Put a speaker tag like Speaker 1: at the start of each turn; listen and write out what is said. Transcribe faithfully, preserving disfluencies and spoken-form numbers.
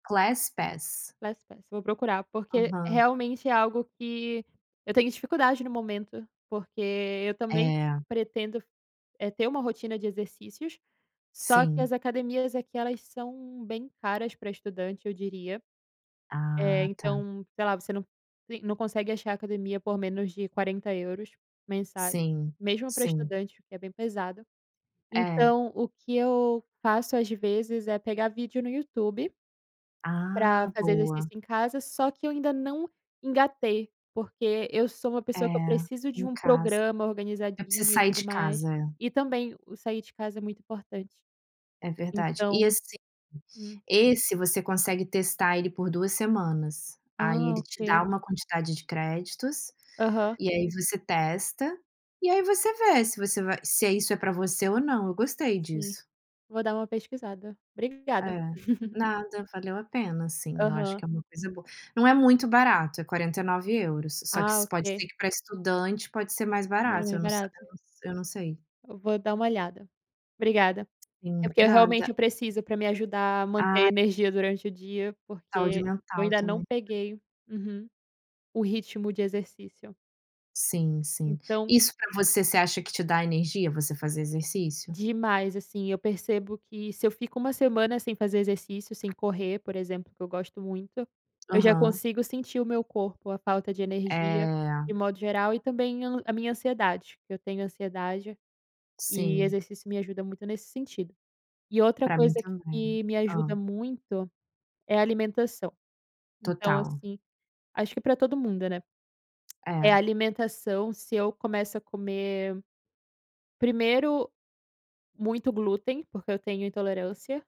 Speaker 1: Class pass.
Speaker 2: Class pass, vou procurar, porque
Speaker 1: Aham.
Speaker 2: realmente é algo que eu tenho dificuldade no momento, porque eu também
Speaker 1: É.
Speaker 2: pretendo, eh ter uma rotina de exercícios, só que
Speaker 1: Sim.
Speaker 2: as academias aqui elas são bem caras pra estudante, eu diria, eh,
Speaker 1: Ah, tá.
Speaker 2: então, sei lá, você não tem não consegue achar academia por menos de quarenta euros mensais,
Speaker 1: Sim,
Speaker 2: mesmo pra
Speaker 1: sim.
Speaker 2: estudante, o que é bem pesado,
Speaker 1: É.
Speaker 2: então, o que eu faço às vezes é pegar vídeo no YouTube pra
Speaker 1: Ah,
Speaker 2: fazer
Speaker 1: boa.
Speaker 2: exercício em casa, só que eu ainda não engatei, porque eu sou uma
Speaker 1: É,
Speaker 2: pessoa que eu preciso de
Speaker 1: em
Speaker 2: um
Speaker 1: casa.
Speaker 2: programa
Speaker 1: Eu preciso
Speaker 2: organizadinho e
Speaker 1: sair
Speaker 2: tudo
Speaker 1: de
Speaker 2: mais.
Speaker 1: casa, é.
Speaker 2: E também o sair de casa é muito importante.
Speaker 1: É verdade. E
Speaker 2: Então,
Speaker 1: assim,
Speaker 2: hum.
Speaker 1: esse você consegue testar ele por duas semanas, aí
Speaker 2: Ah,
Speaker 1: ele te dá
Speaker 2: ok.
Speaker 1: uma quantidade de créditos,
Speaker 2: Aham.
Speaker 1: e aí você testa, e aí você vê se você vai se é isso é para você ou não, eu gostei
Speaker 2: Sim,
Speaker 1: disso.
Speaker 2: vou dar uma pesquisada,
Speaker 1: É,
Speaker 2: obrigada.
Speaker 1: nada valeu a pena, assim, eu acho
Speaker 2: Aham.
Speaker 1: que é uma coisa boa. Não é muito barato, é quarenta e nove euros, só
Speaker 2: Ah,
Speaker 1: se pode
Speaker 2: ok.
Speaker 1: ser que para estudante pode ser mais
Speaker 2: Bem
Speaker 1: barato,
Speaker 2: mais
Speaker 1: eu não sa
Speaker 2: barato.
Speaker 1: eu não sei.
Speaker 2: Eu vou dar uma olhada, obrigada. É
Speaker 1: Sim,
Speaker 2: porque eu realmente
Speaker 1: nada.
Speaker 2: preciso pra me ajudar a manter
Speaker 1: Ah.
Speaker 2: energia durante o dia,
Speaker 1: A saúde
Speaker 2: porque eu
Speaker 1: mental
Speaker 2: ainda não
Speaker 1: também.
Speaker 2: peguei uhum, o ritmo de exercício.
Speaker 1: Sim, sim.
Speaker 2: Então
Speaker 1: Isso pra você você acha que te dá energia, você fazer exercício?
Speaker 2: Demais assim, eu percebo que se eu fico uma semana sem fazer exercício, sem correr, por exemplo, que eu gosto muito, eu já
Speaker 1: Aham.
Speaker 2: consigo sentir o meu corpo, a falta de energia
Speaker 1: Eh.
Speaker 2: de modo geral e também eu n a minha ansiedade, que eu tenho ansiedade, e
Speaker 1: Sim.
Speaker 2: exercício me ajuda muito nesse sentido. E outra
Speaker 1: Pra mim
Speaker 2: coisa
Speaker 1: também,
Speaker 2: que me ajuda
Speaker 1: hã.
Speaker 2: muito, é alimentação, então
Speaker 1: Total.
Speaker 2: assim, acho que pra todo mundo, né, é
Speaker 1: É.
Speaker 2: alimentação se eu começo a comer, primeiro muito glúten, porque eu tenho intolerância.